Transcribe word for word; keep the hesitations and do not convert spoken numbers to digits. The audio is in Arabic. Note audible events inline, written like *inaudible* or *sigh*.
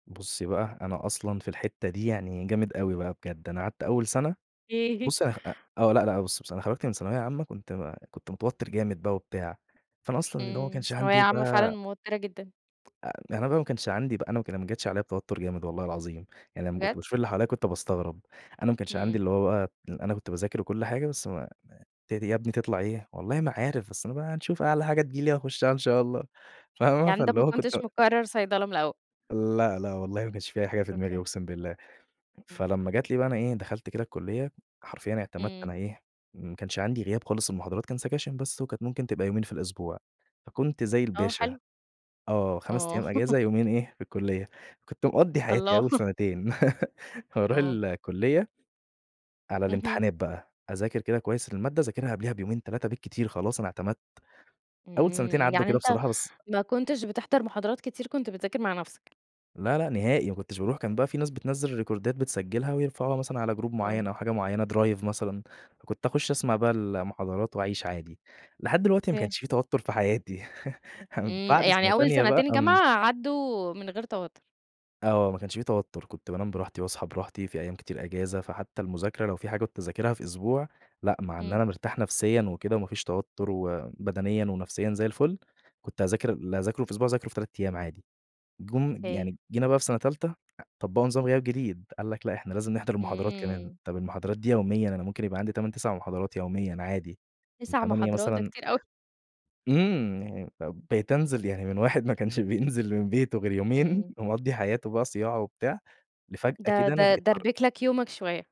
بُصّي بقى، أنا أصلًا في الحتّة دي يعني جامد أوي بقى بجد. أنا قعدت أول سَنة *unintelligible* بُصّي أنا خ أ آه. لأ، لأ بُصّي بصراحة أنا خرجت من ثانوية عامة كنت ما كنت متوتّر جامد بقى وبتاع، فأنا أصلًا اللي هو ما إمم. كانش ثانوية عندي عامة فعلًا بقى موتِّرة جدًا. آآ أنا بقى وما كانش عندي بقى أنا وك ما جاتش عليّا بتوتُّر جامد والله العظيم، يعني لمّا كنت بجد؟! باشوف اللي حواليّا كنت باستغرب. أنا ما كانش عندي إمم. اللي هو بقى اللي أنا كنت باذاكر وكل حاجة، بس ما ما ت دي يا ابني تطلع إيه؟ والله ما عارف، بس أنا بقى هنشوف أعلى حاجة تيجي لي هاخشّها إن شاء الله فاهمة؟ يعني أنت فاللي ما هو كنت كنتش مقرّر صيدلة من الأول. لأ، لأ، والله ما كانش في أي حاجة في دماغي أوكي. أقسم بالله. إمم. فلمّا جات لي بقى أنا إيه، دخلت كده الكلّية، حرفيًا اعتمدت إمم. أنا إيه، ما كانش عندي غياب خالص المحاضرات كان سكاشن بس وكانت ممكن تبقى يومين في الأسبوع، فكنت زي آه الباشا، حلو. آه، خَمَس آه. أيام *laughs* إجازة يومين إيه، في الكلّية. فكنت مقضّي حياتي الله. أول *chuckles* سَنتين *laughs* واروح آه. الكلّية على اهم. الامتحانات بقى، أذاكر كده كويس المادة، أذاكرها قبلها بيومين، تلاتة بالكتير خلاص أنا اعتمدت. أول سَنتين إمم. عدّوا يعني كده أنت بصراحة، بس ما كنتش بتحضر محاضرات كتير كنت بتذاكر مع نَفْسك؟ لأ، لأ نهائي، ما كنتش باروح. كان بقى في ناس بتنزل الريكوردات بتسجّلها ويرفعوها مثلًا على group آه. معيّن أو حاجة معيّنة drive مثلًا، فكنت أخُش أسمع بقى المحاضرات وأعيش عادي. لحد دلوقتي ما ف كانش في توتُّر في حياتي *chuckles* هم إمم. بعد سّنة يعني أول تانية بقى سَنتين آمم جامعة عدّوا من غير توتُّر. آه، ما كانش في توتُّر. كنت بانام براحتي واصحى براحتي، في أيام كتير إجازة فحتّى المذاكرة لو في حاجة كنت أذاكرها في أسبوع، لأ مع إن إمم. أنا مرتاح نفسيًا وكده وما فيش توتُّر وبدنيًا ونفسيًا زي الفل، كنت أذاكر اللي هاذاكره في أسبوع، أذاكره في تلات أيام عادي. جُم ج *unintelligible* يعني جينا بقى في سَنة تالتة أ طبّقوا نظام غياب جديد. قال لك لأ إحنا لازم نحضر المحاضرات كمان، إمم. طَب المحاضرات دي يوميًا أنا ممكن يبقى عندي تَمَن، تِسَع محاضرات يوميًا عادي، من تِسَع تمانية محاضرات! ده مثلًا كتير أوي. إمم. يعني فب بقيت أنزل، يعني من واحد ما كانش بينزل من بيته غير يومين امم. ومقضّي حياته بقى صياعة وبتاع، د لفجأة كده د أنا بقيت حر دَربِك لك يومك شوية.